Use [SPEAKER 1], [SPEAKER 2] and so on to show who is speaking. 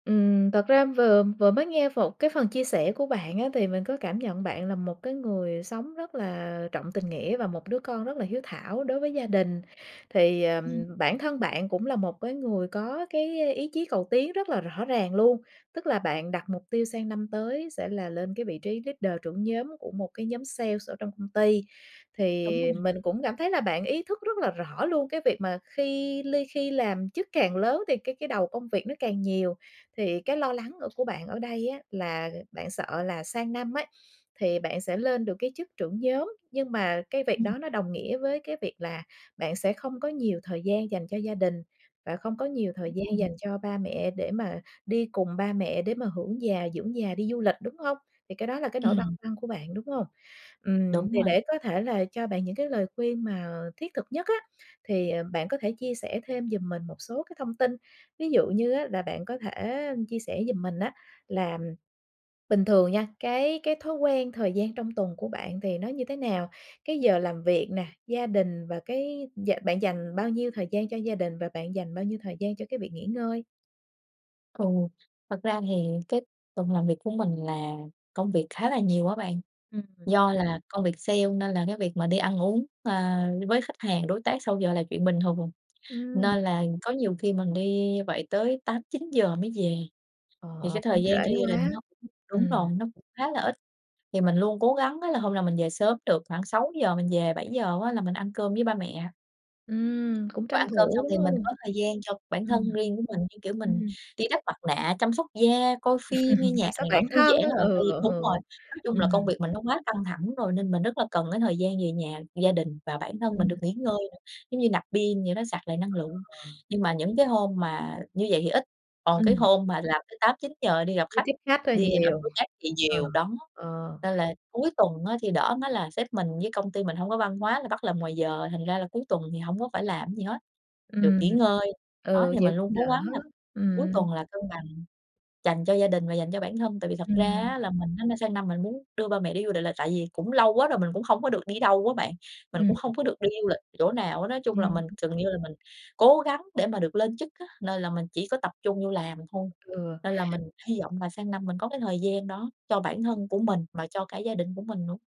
[SPEAKER 1] Ừm. Thật ra, vừa vừa mới nghe phột một cái phần chia sẻ của bạn á thì mình có cảm nhận bạn là một cái người sống rất là trọng tình nghĩa và một đứa con rất là hiếu thảo đối với gia đình. Thì, ờ,
[SPEAKER 2] Ừm.
[SPEAKER 1] bản thân bạn cũng là một cái người có cái ý chí cầu tiến rất là rõ ràng luôn. Tức là bạn đặt mục tiêu sang năm tới sẽ là lên cái vị trí leader, trưởng nhóm của một cái nhóm sale ở trong công ty,
[SPEAKER 2] Đúng
[SPEAKER 1] thì
[SPEAKER 2] rồi.
[SPEAKER 1] mình cũng cảm thấy là bạn ý thức rất là rõ luôn cái việc mà khi ly khi làm chức càng lớn thì cái cái đầu công việc nó càng nhiều. Thì cái lo lắng ở của bạn ở đây á là bạn sợ là sang năm ấy thì bạn sẽ lên được cái chức trưởng nhóm, nhưng mà cái việc
[SPEAKER 2] Ừm.
[SPEAKER 1] đó nó đồng nghĩa với cái việc là bạn sẽ không có nhiều thời gian dành cho gia đình, và không có nhiều thời
[SPEAKER 2] Đúng
[SPEAKER 1] gian
[SPEAKER 2] rồi.
[SPEAKER 1] dành cho ba mẹ để mà đi cùng ba mẹ, để mà hưởng già, dưỡng già, đi du lịch, đúng hông? Thì cái đó là cái nỗi băn
[SPEAKER 2] Ừm.
[SPEAKER 1] khoăn của bạn, đúng hông? Ừm,
[SPEAKER 2] Đúng
[SPEAKER 1] thì
[SPEAKER 2] rồi.
[SPEAKER 1] để có thể là cho bạn những cái lời khuyên mà thiết thực nhất á thì, ờ, bạn có thể chia sẻ thêm giùm mình một số cái thông tin. Ví dụ như á là bạn có thể chia sẻ giùm mình á là bình thường nha, cái cái thói quen thời gian trong tuần của bạn thì nó như thế nào? Cái giờ làm việc nè, gia đình, và cái dạ bạn dành bao nhiêu thời gian cho gia đình, và bạn dành bao nhiêu thời gian cho cái việc nghỉ ngơi?
[SPEAKER 2] Ừ, thật ra thì cái tuần làm việc của mình là công việc khá là nhiều á bạn.
[SPEAKER 1] Ừm.
[SPEAKER 2] Do là công việc sale nên là cái việc mà đi ăn uống, ờ, với khách hàng, đối tác sau giờ là chuyện bình thường.
[SPEAKER 1] Ừm.
[SPEAKER 2] Nên là có nhiều khi mình đi như vậy tới 8:00-9:00 mới về. Thì
[SPEAKER 1] Ờ,
[SPEAKER 2] cái
[SPEAKER 1] cũng
[SPEAKER 2] thời
[SPEAKER 1] trễ
[SPEAKER 2] gian cho gia đình
[SPEAKER 1] quá,
[SPEAKER 2] nó cũng đúng
[SPEAKER 1] ừm.
[SPEAKER 2] rồi, nó cũng khá là ít. Thì mình luôn cố gắng á là hôm nào mình về sớm được khoảng 6:00 mình về 7:00 á là mình ăn cơm với ba mẹ.
[SPEAKER 1] Ừm, cũng
[SPEAKER 2] Và
[SPEAKER 1] tranh
[SPEAKER 2] ăn cơm
[SPEAKER 1] thủ,
[SPEAKER 2] xong
[SPEAKER 1] đúng
[SPEAKER 2] thì mình
[SPEAKER 1] hông?
[SPEAKER 2] có thời gian cho bản thân
[SPEAKER 1] Ừm.
[SPEAKER 2] riêng của mình, như kiểu, mình
[SPEAKER 1] Ừm.
[SPEAKER 2] đi đắp mặt nạ, chăm sóc da, coi phim, nghe
[SPEAKER 1] Chăm
[SPEAKER 2] nhạc
[SPEAKER 1] sóc
[SPEAKER 2] này nọ,
[SPEAKER 1] bản
[SPEAKER 2] thư
[SPEAKER 1] thân
[SPEAKER 2] giãn
[SPEAKER 1] á,
[SPEAKER 2] á bạn. Tại
[SPEAKER 1] ừ,
[SPEAKER 2] vì
[SPEAKER 1] ừ,
[SPEAKER 2] đúng rồi, nói chung là công
[SPEAKER 1] ừm.
[SPEAKER 2] việc mình nó quá căng thẳng rồi nên mình rất là cần cái thời gian về nhà, gia đình và bản thân mình được
[SPEAKER 1] Ừm.
[SPEAKER 2] nghỉ ngơi nữa. Giống như, nạp pin vậy đó, sạc lại năng lượng.
[SPEAKER 1] Ừ.
[SPEAKER 2] Nhưng mà những cái hôm mà như vậy thì ít, còn cái
[SPEAKER 1] Ừm.
[SPEAKER 2] hôm mà làm tới 8:00-9:00, đi gặp
[SPEAKER 1] Đi
[SPEAKER 2] khách,
[SPEAKER 1] tiếp khách hơi
[SPEAKER 2] đi gặp
[SPEAKER 1] nhiều.
[SPEAKER 2] đối tác thì
[SPEAKER 1] Ờ,
[SPEAKER 2] nhiều, đó.
[SPEAKER 1] ờ.
[SPEAKER 2] Nên là cuối tuần á thì đỡ, nó là sếp mình với công ty mình hông có văn hóa là bắt làm ngoài giờ, thành ra là cuối tuần thì hổng có phải làm cái gì hết, được
[SPEAKER 1] Ừm,
[SPEAKER 2] nghỉ ngơi. Đó,
[SPEAKER 1] ừ,
[SPEAKER 2] thì
[SPEAKER 1] vậy
[SPEAKER 2] mình luôn
[SPEAKER 1] cũng
[SPEAKER 2] cố
[SPEAKER 1] đỡ,
[SPEAKER 2] gắng là cuối
[SPEAKER 1] ừm.
[SPEAKER 2] tuần là cân bằng, dành cho gia đình và dành cho bản thân. Tại vì thật ra
[SPEAKER 1] Ừm.
[SPEAKER 2] á là mình á sang năm mình muốn đưa ba mẹ đi du lịch, là tại vì cũng lâu quá rồi mình cũng hông có được đi đâu á bạn. Mình
[SPEAKER 1] Ừm.
[SPEAKER 2] cũng hông có được đi du lịch chỗ nào hết á. Nói chung
[SPEAKER 1] Ừm
[SPEAKER 2] là mình
[SPEAKER 1] hứm.
[SPEAKER 2] gần như là mình cố gắng để mà được lên chức á, nên là mình chỉ có tập trung vô làm thôi.
[SPEAKER 1] Ừ.
[SPEAKER 2] Nên là mình hy vọng là sang năm mình có cái thời gian đó cho bản thân của mình mà cho cả gia đình của mình nữa.